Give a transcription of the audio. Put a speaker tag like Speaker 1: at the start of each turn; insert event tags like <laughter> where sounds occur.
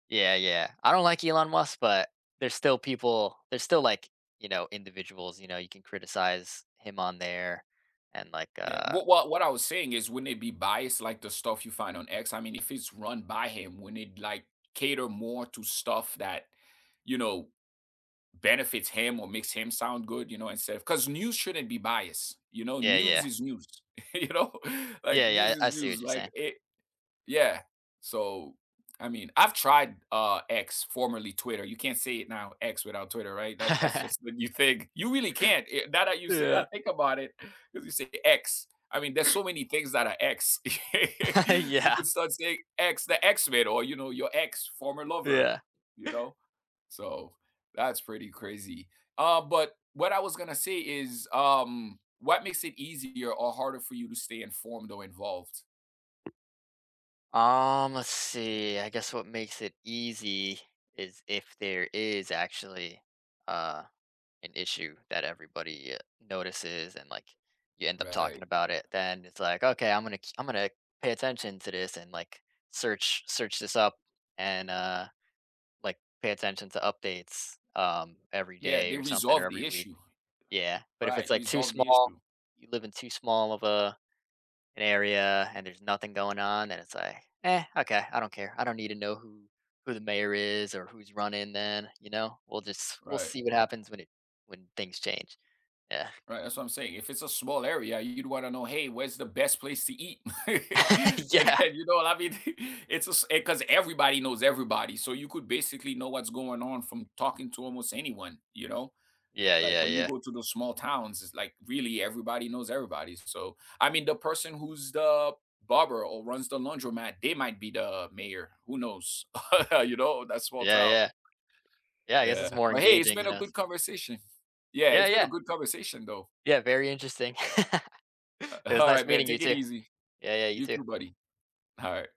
Speaker 1: Yeah, yeah. I don't like Elon Musk, but there's still people there's still, like, you know, individuals, you know, you can criticize him on there, and, like,
Speaker 2: Yeah,
Speaker 1: uh
Speaker 2: w what I was saying is wouldn't it be biased like the stuff you find on X? I mean, if it's run by him, wouldn't it, like, cater more to stuff that, you know, benefits him or makes him sound good, you know, instead of 'Cause news shouldn't be biased, you know?
Speaker 1: Yeah, yeah.
Speaker 2: News is news, you know? Like,
Speaker 1: Yeah,
Speaker 2: news
Speaker 1: yeah, I
Speaker 2: is
Speaker 1: see what
Speaker 2: news,
Speaker 1: you're
Speaker 2: like,
Speaker 1: saying.
Speaker 2: it Yeah. So, I mean, I've tried, uh, X, formerly Twitter. You can't say it now; X without Twitter, right? That that's
Speaker 1: <laughs>
Speaker 2: just when you think. You really can't, eh, now that you say I
Speaker 1: Yeah.
Speaker 2: think about it, 'cause you say X, I mean, there's so many things that are X. <laughs> You
Speaker 1: <laughs> Yeah.
Speaker 2: could start saying X, the X-Men, or your ex, former lover,
Speaker 1: Yeah.
Speaker 2: you know? So, that's pretty crazy. Uh, but what I was gonna say is, um, what makes it easier or harder for you to stay informed or involved?
Speaker 1: Um, let's see, I guess what makes it easy is if there is actually, uh, an issue that everybody, eh, notices and, like, you end up talking
Speaker 2: Right.
Speaker 1: about it, then it's like, "Okay, I'm gonna k I'm gonna pay attention to this," and, like, search search this up and, uh, like, pay attention to updates, um, every
Speaker 2: Yeah,
Speaker 1: day
Speaker 2: they
Speaker 1: or something, or
Speaker 2: resolved
Speaker 1: every
Speaker 2: the
Speaker 1: week,
Speaker 2: issue.
Speaker 1: yeah, but if it's,
Speaker 2: Right,
Speaker 1: like, too
Speaker 2: resolved the
Speaker 1: small,
Speaker 2: issue.
Speaker 1: you live in too small of a an area and there's nothing going on, then it's like, "Eh, okay, I don't care." I don't need to know who who the mayor is or who's running then, you know? We'll just we'll
Speaker 2: Right.
Speaker 1: see what happens when it when things change. Yeah.
Speaker 2: Right, that's what I'm saying. If it's a small area, you'd wanna know, "Hey, where's the best place to eat?" <laughs>
Speaker 1: <laughs> Yeah.
Speaker 2: And you know what I mean? <chuckles> It's a s e 'cause everybody knows everybody, so you could basically know what's going on from talking to almost anyone, you know?
Speaker 1: Yeah,
Speaker 2: Like
Speaker 1: yeah,
Speaker 2: when you
Speaker 1: yeah.
Speaker 2: go to those small towns, it's, like, really everybody knows everybody, so I mean the person who's the barber or runs the laundromat, they might be the mayor, who knows? <laughs> You know? That small
Speaker 1: Yeah,
Speaker 2: town.
Speaker 1: yeah. Yeah, I guess
Speaker 2: Yeah.
Speaker 1: it's more
Speaker 2: But hey, it's
Speaker 1: engaging, you
Speaker 2: been a
Speaker 1: know,
Speaker 2: good
Speaker 1: so
Speaker 2: conversation. Yeah,
Speaker 1: Yeah,
Speaker 2: it's been a
Speaker 1: yeah.
Speaker 2: good conversation, though.
Speaker 1: Yeah, very interesting. <laughs>
Speaker 2: Uh,
Speaker 1: It was nice
Speaker 2: alright, man,
Speaker 1: meeting you
Speaker 2: take it
Speaker 1: too.
Speaker 2: easy.
Speaker 1: Yeah, yeah, you
Speaker 2: You too,
Speaker 1: too.
Speaker 2: buddy. Alright.